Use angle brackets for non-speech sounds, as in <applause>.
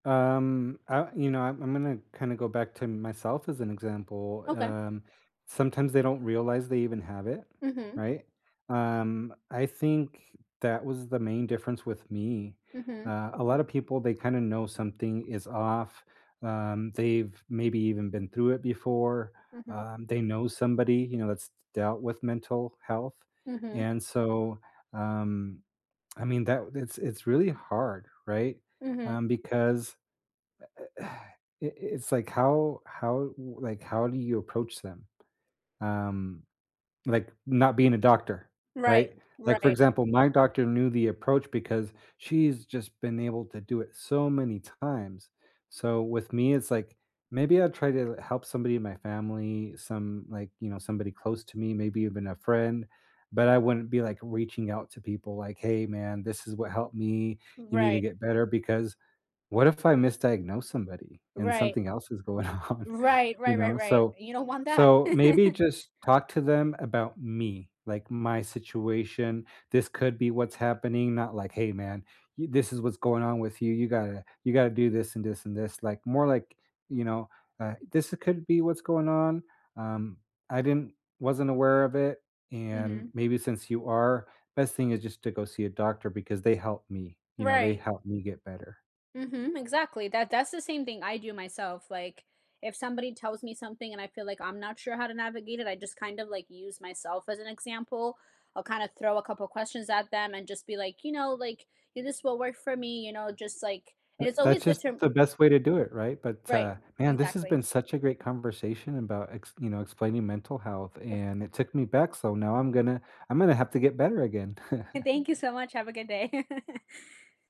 Um, uh, you know, I'm I'm gonna, kinda, go back to myself as an example, Okay. um, sometimes they don't realize they even have it, Mhm. right? Um, I think that was the main difference with me. Mhm. Uh, a lotta people, they kinda know something is off, um, they've maybe even been through it before, Mhm. um, they know somebody, you know, that's d dealt with mental health, Mhm. and so, um I mean, that it's it's really hard, right? Mhm. Um, because e e <sighs> i i it's like how how w like, how do you approach them? Um, like, not being a doctor, right? Right, Like, for right. example, my doctor knew the approach because she's just been able to do it so many times. So with me, it's like, maybe I'd try to help somebody in my family, some, like, you know, somebody close to me, maybe even a friend, but I wouldn't be, like, reaching out to people like, "Hey man, this is what helped me. You need to Right. get better," because what if I misdiagnose somebody and Right. something else is going on? Right, You right, right, know? right. So You don't want that. so, maybe <chuckles> just talk to them about me, like my situation. This could be what's happening, not like, "Hey man, y this is what's going on with you, you gotta you gotta do this and this and this." Like, more like, you know, uh, "This could be what's going on, um, I didn't wasn't aware of it, and Mhm. maybe since you are, best thing is just to go see a doctor because they help me." You know, they Right. help me get better." Mhm, exactly. That that's the same thing I do myself, like, if somebody tells me something and I feel like I'm not sure how to navigate it, I just kind of, like, use myself as an example. I'll kind of throw a couple questions at them and just be like, "You know, like, this will work for me," you know, just, like and it's That that's always good just to the best way to do it, right? But, Right. uh, man, this has been Exactly. such a great conversation about, ex you know, explaining mental health Of and it took me back, so now, I'm gonna I'm gonna have to get better again. <chuckles> Thank you so much, have a good day. <laughs>